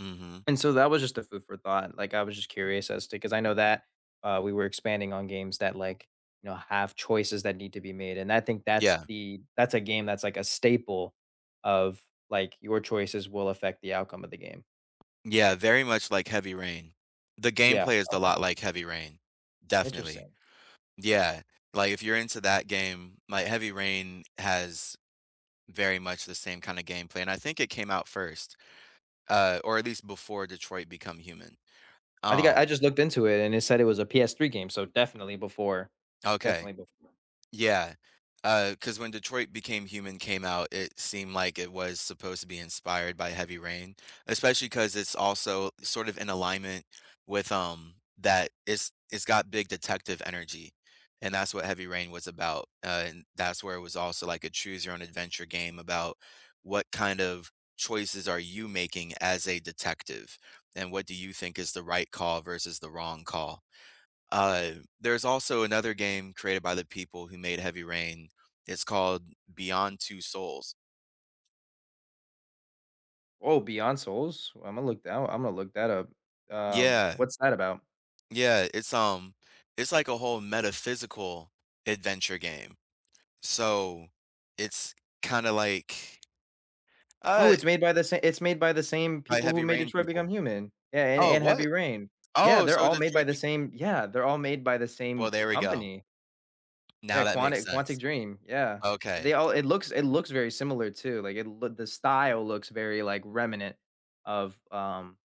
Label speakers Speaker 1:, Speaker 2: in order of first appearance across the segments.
Speaker 1: Mhm.
Speaker 2: And so that was just a food for thought, like, I was just curious as to 'cause I know that, uh, we were expanding on games that, like, you know, have choices that need to be made, and I think that's
Speaker 1: Yeah.
Speaker 2: the that's a game that's like a staple of like, your choices will affect the outcome of the game.
Speaker 1: Yeah,
Speaker 2: Right.
Speaker 1: very much like Heavy Rain. The
Speaker 2: Yeah,
Speaker 1: gameplay is da
Speaker 2: okay.
Speaker 1: lot like Heavy Rain, definitely.
Speaker 2: Interesting.
Speaker 1: Yeah, like, if you're into that game like, Heavy Rain has very much the same kinda gameplay, and I think it came out 1st, uh, or at least before Detroit: Become Human,
Speaker 2: I think I
Speaker 1: um
Speaker 2: I just looked into it, and it said it was a PS3 game, so definitely before.
Speaker 1: Okay.
Speaker 2: Definitely before.
Speaker 1: Yeah, uh, 'cause when Detroit: Became Human came out, it seemed like it was supposed to be inspired by Heavy Rain, especially 'cause it's also sort of in alignment with, um that it's it's got big detective energy, and that's what Heavy Rain was about, uh, and that's where it was also, like, a choose your own adventure game about what kind of choices are you making as a detective, and what do you think is the right call versus the wrong call. Uh, there's also another game created by the people who made Heavy Rain, it's called Beyond: Two Souls.
Speaker 2: Oh, beyond souls? Imma look that o Imma look that up. Um,
Speaker 1: Yeah.
Speaker 2: what's that about?
Speaker 1: Yeah, it's, um, it's, like, a whole metaphysical adventure game. So, it's kinda like,
Speaker 2: Oh,
Speaker 1: uh, it
Speaker 2: it's made by the sa it's made by the same
Speaker 1: I
Speaker 2: people who
Speaker 1: Heavy
Speaker 2: made
Speaker 1: Rain
Speaker 2: Detroit: Become
Speaker 1: people.
Speaker 2: Human. Yeah, and
Speaker 1: Oh,
Speaker 2: and Heavy
Speaker 1: what?
Speaker 2: Rain. Yeah,
Speaker 1: Oh,
Speaker 2: they're
Speaker 1: so
Speaker 2: all made by
Speaker 1: Detroit
Speaker 2: the
Speaker 1: be
Speaker 2: same Yeah, they're all made by the
Speaker 1: Well,
Speaker 2: same
Speaker 1: there we go.
Speaker 2: company. Yeah,
Speaker 1: Now that makes
Speaker 2: Quantic Quantic
Speaker 1: sense.
Speaker 2: Dream, yeah,
Speaker 1: Okay.
Speaker 2: they all it looks it looks very similar too, like it loo the style looks very, like remnant, of, um,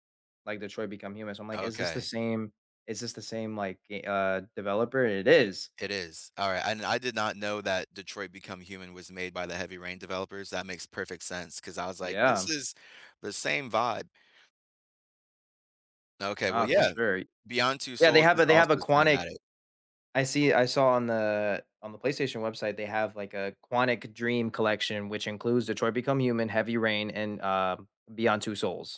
Speaker 2: like Detroit: Become Human, so I'm like is this the
Speaker 1: Okay.
Speaker 2: same is this the same, like, ga uh, developer, it is.
Speaker 1: It is, alright, I no I did not know that Detroit: Become Human was made by the Heavy Rain developers, that makes perfect sense 'cause I was like, "This
Speaker 2: Yeah.
Speaker 1: is the same vibe." Okay, well,
Speaker 2: Uh, for
Speaker 1: yeah,
Speaker 2: sure.
Speaker 1: Beyond Two
Speaker 2: Yeah, they
Speaker 1: Souls is
Speaker 2: have they have
Speaker 1: also
Speaker 2: a Quantic
Speaker 1: cinematic.
Speaker 2: I see I saw on the on the PlayStation website, they have, like, a Quantic Dream collection, which includes Detroit: Become Human, Heavy Rain and, uh, Beyond: Two Souls.